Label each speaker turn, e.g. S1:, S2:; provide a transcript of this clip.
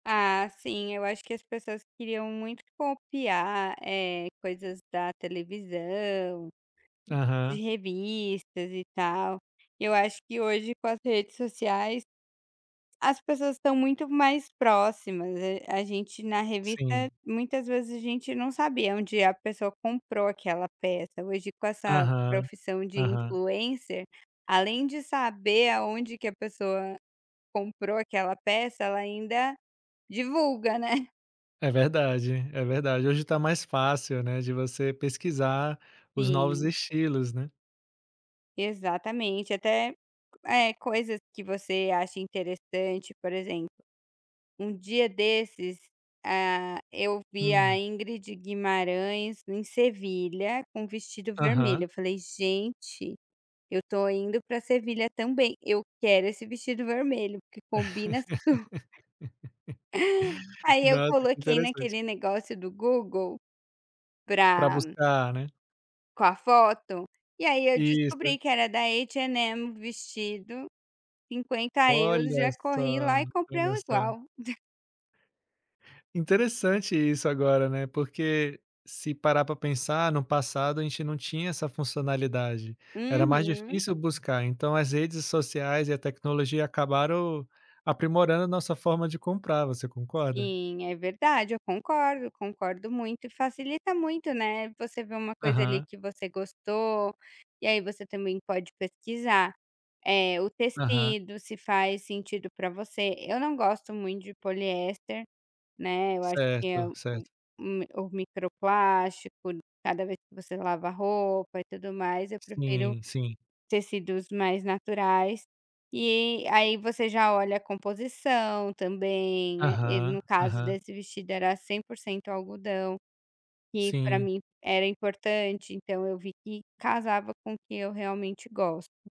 S1: Ah, sim, eu acho que as pessoas queriam muito copiar, eh, coisas da televisão, de
S2: Aham.
S1: revistas, e tal. Eu acho que hoje, com as redes sociais, as pessoas estão muito mais próximas, hã, a gente, na revista,
S2: Sim.
S1: muitas vezes a gente não sabia onde a pessoa comprou aquela peça, hoje com essa
S2: Aham.
S1: profissão de
S2: Aham.
S1: Influencer, além de saber aonde que a pessoa comprou aquela peça, ela ainda divulga, né.
S2: É verdade, é verdade. Hoje está mais fácil, né, de você pesquisar os novos
S1: Sim.
S2: estilos, né.
S1: Exatamente, até, eh, coisas que você acha interessante, por exemplo, um dia desses, ah, eu vi a
S2: Hum.
S1: Ingrid Guimarães em Sevilha, com um vestido vermelho,
S2: Aham.
S1: eu falei "gente, eu estou indo para Sevilha também, eu quero esse vestido vermelho, porque combina super". Aí eu
S2: Nossa, que
S1: coloquei
S2: interessante.
S1: naquele negócio do Google,
S2: Para
S1: pra
S2: buscar, né.
S1: com a foto, e aí eu
S2: Isso.
S1: descobri que era da H&M o vestido, 50€,
S2: Olha
S1: já
S2: só,
S1: corri lá e comprei
S2: olha
S1: um
S2: só.
S1: igual.
S2: Interessante isso agora, né, porque, se parar para pensar, no passado, a gente não tinha essa funcionalidade. Era mais
S1: Uhum.
S2: difícil buscar, então as redes sociais e a tecnologia acabaram aprimorando a nossa forma de comprar, você concorda?
S1: Sim, é verdade, eu concordo, concordo muito. Facilita muito, né, você ver uma coisa, ali,
S2: Aham.
S1: que você gostou, e aí você também pode pesquisar, eh, o
S2: Aham.
S1: tecido, se faz sentido para você. Eu não gosto muito de poliéster, né, eu acho que é
S2: Certo,
S1: o u
S2: certo.
S1: um o micro-plástico, cada vez que você lava a roupa, e tudo mais, eu prefiro
S2: Sim, sim.
S1: tecidos mais naturais. E aí você já olha a composição também, eh, e no
S2: Aham,
S1: caso
S2: aham.
S1: desse vestido, era 100% algodão, que para
S2: Sim.
S1: mim era importante, então eu vi que casava com o que eu realmente gosto.